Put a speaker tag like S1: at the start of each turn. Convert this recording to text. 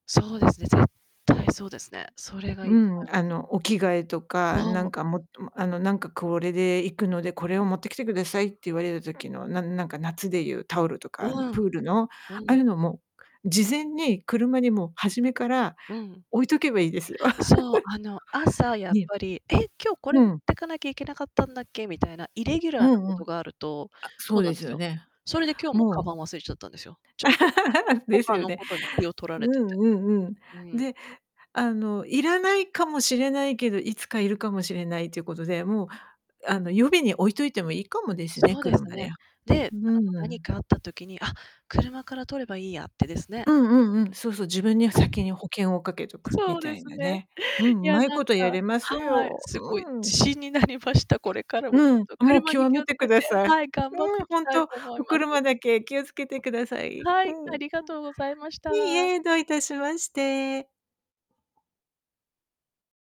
S1: そうですね、絶対そうですね。それがい
S2: う
S1: いと
S2: ん、
S1: 思います。
S2: あのお着替えとか、な
S1: そう。
S2: んかもっともあの、なんか、「これで行くのでこれを持ってきてください」って言われた時の、なんなんか夏でいうタオルとか、あの
S1: う
S2: プ
S1: ん、
S2: ールの、あ
S1: う
S2: あ
S1: ん。
S2: いうのも、事前に車にもう初めから
S1: うん。
S2: 置いとけばいいです。
S1: そう、あの、朝やっ
S2: ね。
S1: ぱり、「え、今日こ
S2: う
S1: れ持っ
S2: ん。
S1: てかなきゃいけなかったんだっけ」みたいな、イレギュラ
S2: う
S1: ーなこ
S2: んう
S1: と
S2: ん。
S1: があると、
S2: あ、そ
S1: そう
S2: う
S1: なん
S2: で
S1: で
S2: す
S1: す
S2: よ
S1: よ。
S2: ね。
S1: それで今日も鞄
S2: もう
S1: 忘れちゃったんですよ。ちょっと、
S2: です
S1: 他
S2: よ
S1: の
S2: ね。
S1: ことに気を取ら
S2: う
S1: れてて。
S2: んうんうん。
S1: うん。
S2: で、あの、要らないかもしれないけど、いつか要るかもしれないということで、もう、あの、予備に置いといてもいいかもです
S1: そ
S2: ね、
S1: うです
S2: 車に
S1: ね。
S2: は。
S1: で、
S2: う
S1: あの何
S2: ん。
S1: かあった時に、「あ、車から取ればいいや」ってですね。
S2: うんうんうん。そうそう、自分には先に保険をかけとく
S1: そ
S2: み
S1: う
S2: た
S1: で
S2: い
S1: す
S2: な
S1: ね。
S2: ね。うん、
S1: いや、
S2: 上手い
S1: なん
S2: こ
S1: か、
S2: とやれます
S1: はい、
S2: よ。
S1: すごい
S2: うん。
S1: 自信になりました。これからもちょ
S2: うん、
S1: っと、
S2: もう
S1: 車に
S2: 今日
S1: 気を
S2: 見
S1: つ
S2: て
S1: け
S2: く
S1: て、
S2: ださい。
S1: はい、頑張っ
S2: う
S1: て
S2: ん、
S1: き
S2: ほん
S1: たい
S2: と、
S1: と思い
S2: お
S1: ます。
S2: 車だけ気をつけてください。
S1: は
S2: きゅ
S1: い、
S2: ん。
S1: あ
S2: う、
S1: りがとうございました。
S2: いいえ、どういたしまして。